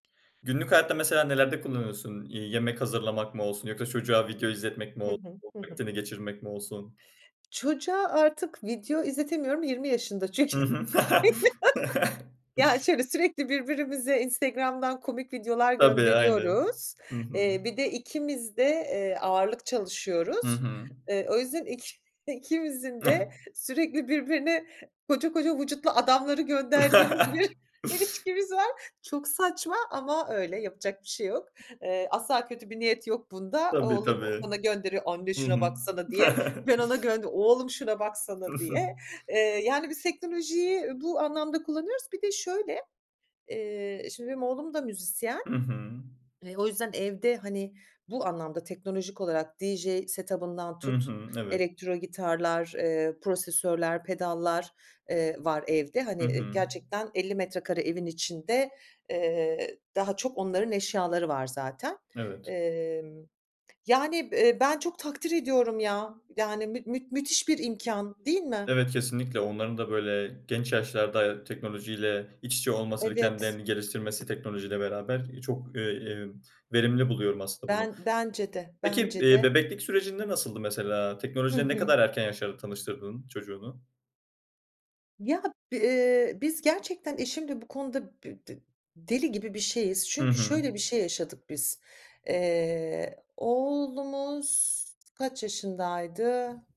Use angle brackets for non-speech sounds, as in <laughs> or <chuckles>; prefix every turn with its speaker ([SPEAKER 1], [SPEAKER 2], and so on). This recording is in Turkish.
[SPEAKER 1] Günlük hayatta, mesela, nelerde kullanıyorsun? İii, yemek hazırlamak mı olsun, yoksa çocuğa video izletmek mi
[SPEAKER 2] Hı
[SPEAKER 1] olsun?
[SPEAKER 2] hı. Hı hı.
[SPEAKER 1] Vaktini geçirmek mi olsun?
[SPEAKER 2] Çocuğa artık video izletemiyorum, 20 yaşında çünkü.
[SPEAKER 1] Hı
[SPEAKER 2] <chuckles>
[SPEAKER 1] hı. <laughs>
[SPEAKER 2] Yani şöyle, sürekli birbirimize Instagram'dan komik videolar
[SPEAKER 1] Tabii, aynen.
[SPEAKER 2] gönderiyoruz.
[SPEAKER 1] Hı hı.
[SPEAKER 2] Eee, bir de, ikimiz de, eee, ağırlık
[SPEAKER 1] Hı
[SPEAKER 2] çalışıyoruz.
[SPEAKER 1] hı.
[SPEAKER 2] Iıı, o yüzden iki ikimizin de
[SPEAKER 1] <chuckles>
[SPEAKER 2] sürekli, birbirine koca koca vücutlu adamları gönderdiğimiz bir
[SPEAKER 1] <laughs>
[SPEAKER 2] ilişkimiz var. Çok saçma ama öyle, yapacak bir şey yok. Iıı, asla kötü bir niyet yok bunda.
[SPEAKER 1] Tabii,
[SPEAKER 2] Oğlum
[SPEAKER 1] tabii.
[SPEAKER 2] bana gönderiyor Anne
[SPEAKER 1] Hı
[SPEAKER 2] şuna
[SPEAKER 1] hı.
[SPEAKER 2] baksana. diye.
[SPEAKER 1] <chuckles>
[SPEAKER 2] Ben ona gönderiyor "Oğlum şuna baksana." diye.
[SPEAKER 1] <chuckles>
[SPEAKER 2] Iıı, yani, biz teknolojiyi bu anlamda kullanıyoruz. Bir de şöyle, eee, şimdi, benim oğlum da müzisyen.
[SPEAKER 1] Hı hı.
[SPEAKER 2] Eee, o yüzden evde, hani, bu anlamda, teknolojik olarak DJ set up'ından
[SPEAKER 1] Hı
[SPEAKER 2] tut,
[SPEAKER 1] hı. Evet.
[SPEAKER 2] elektro gitarlar, eee, prosesör'ler, pedallar, eee, var evde. Hani,
[SPEAKER 1] Hı
[SPEAKER 2] ııı,
[SPEAKER 1] hı.
[SPEAKER 2] gerçekten 50 metrekare evin içinde, eee, daha çok onların eşyaları var zaten.
[SPEAKER 1] Evet.
[SPEAKER 2] Emm, yani, b eee, ben çok takdir ediyorum ya, yani, müt müt müthiş bir imkân, değil mi?
[SPEAKER 1] Evet, kesinlikle! Onların da, böyle, genç yaşlarda teknolojiyle iç içe olması ve
[SPEAKER 2] Evet.
[SPEAKER 1] kendilerini geliştirmesi teknolojiyle beraber, iii, çok, iii, iii, verimli buluyorum aslında bunu.
[SPEAKER 2] Ben bence de,
[SPEAKER 1] Peki,
[SPEAKER 2] bence
[SPEAKER 1] iii,
[SPEAKER 2] de.
[SPEAKER 1] bebeklik sürecinde nasıldı mesela?
[SPEAKER 2] Hı
[SPEAKER 1] Teknolojiyle ne
[SPEAKER 2] hı.
[SPEAKER 1] kadar erken yaşlarda tanıştırdın çocuğunu?
[SPEAKER 2] Ya, b ııı, biz gerçekten eşimle bu konuda, bı bı deli gibi bir şeyiz,
[SPEAKER 1] Hı
[SPEAKER 2] çünkü
[SPEAKER 1] hı.
[SPEAKER 2] şöyle bir şey yaşadık biz. Eee, oğlumuz kaç yaşındaydı?